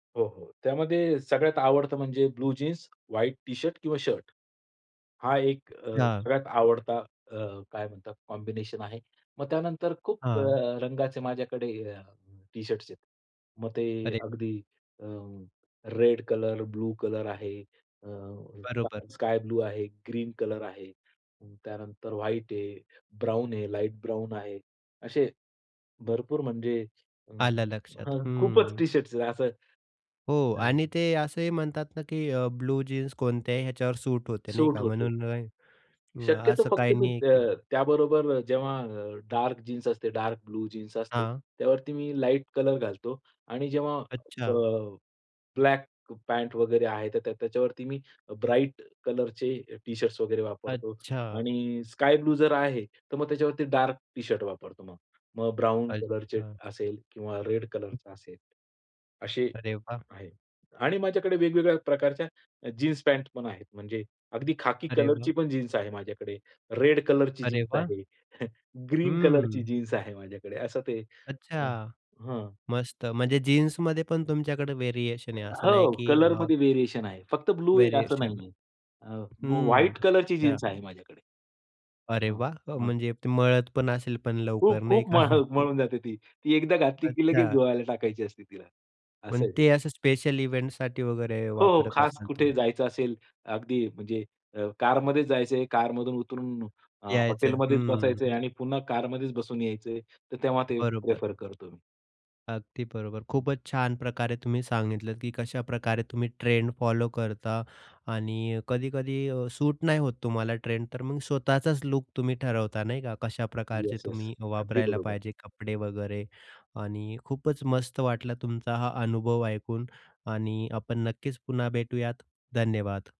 हो, हो. त्यामध्ये सगळ्यात आवडतं म्हणजे, blue jeans, white T shirt किंवा शर्ट. हा एक अ, हां. सगळ्यात आवडता अ, काय म्हणतात कॉम्बिनेशन आहे. मग त्यानंतर खूप अ, हां. रंगाचे माझ्याकडे अ, टी शर्ट्स आहेत. मग ते अरे. अगदी अ, रेड कलर, ब्लू कलर आहे, अ, बरोबर. स स्काय ब्लू आहे, ग्रीन कलर आहे. त्यानंतर व्हाईट आहे, ब्राउन आहे, लाईट ब्राउन आहे. असे भरपूर म्हणजे अं, आलं लक्षात. हं. खूपच हंम्म. टी शर्ट्स असं हो हं. आणि ते असंही म्हणतात ना, की अ ब्लू जीन्स कोणत्याही ह्याच्यावर सूट होते नाही सूट का होतो. म्हणून शक्यतो असं फक्त काही मी नाही की अ, त्याबरोबर जेव्हा अ, डार्क जीन्स असते, डार्क ब्लू जीन्स असते, हां. त्यावरती मी लाईट कलर घालतो. आणि जेव्हा अ, अच्छा. ब्लॅक पँट वगैरे आहे, तर त्याच्यावरती मी ब्राइट कलरचे टी शर्ट्स वगैरे वापरतो अच्छा. आणि स्काय ब्लू जर आहे, तर मग त्याच्यावरती डार्क टी शर्ट वापरतो मग. मग ब्राउन कलरचे अच्छा. असेल किंवा रेड कलर हं. असेल. असे अरे वाह! आहे. आणि माझ्याकडे वेगवेगळ्या प्रकारच्या अ, जीन्स पँट पण आहेत म्हणजे, अगदी खाकी अरे कलरची वा! पण जीन्स आहे माझ्याकडे, रेड कलरची अरे जीन्स वाह! आहे, ग्रीन कलरची हं. जीन्स आहे माझ्याकडे असं ते. अं, अच्छा. हं. मस्त म्हणजे जीन्समध्ये पण तुमच्याकडे व्हेरिएशन अ, आहे. असं नाही हो, की अ कलरमध्ये व्हेरिएशन आहे. फक्त ब्लू आहे असं व्हेरिएशन. नाहीये. अ, बू हं, व्हाईट कलरची अच्छा. जीन्स आहे माझ्याकडे. अरे हं, वाह! अ, हं. म्हणजे ते मळतपण असेल पण खूप, लवकर नाही खूप का? म्ह मळून जाते ती. ती एकदा घातली की लगेच अच्छा. धुवायला टाकायची असते तिला, असं पण आहे ते. ते असं स्पेशल इव्हेंटसाठी वगैरे हो, हो. वापरत खास असाल कुठे तुम्ही. जायचं असेल. अगदी म्हणजे अ, कारमध्येच जायच आहे, कारमधून उतरून अ, यायचंय. हॉटेलमध्येच बसायचं आहे हंम्म. आणि पुन्हा कारमध्येच बसून यायच आहे. तर तेव्हा ते बरोबर. प्रिफर करतो मी. अगदी बरोबर. हं. खूपच छान प्रकारे तुम्ही सांगितलं की कशाप्रकारे तुम्ही ट्रेंड फॉलो करता आणि कधी-कधी अ, सूट नाही होत तुम्हाला ट्रेंड, तर मग स्वतःचाच लूक तुम्ही ठरवता नाही का. कशा प्रकारचे येस, येस. तुम्ही अगदी वापरायला बरोबर. पाहिजे कपडे वगैरे. आणि खूपच मस्त वाटला तुमचा हा अनुभव ऐकून आणि आपण नक्कीच पुन्हा भेटूयात. धन्यवाद.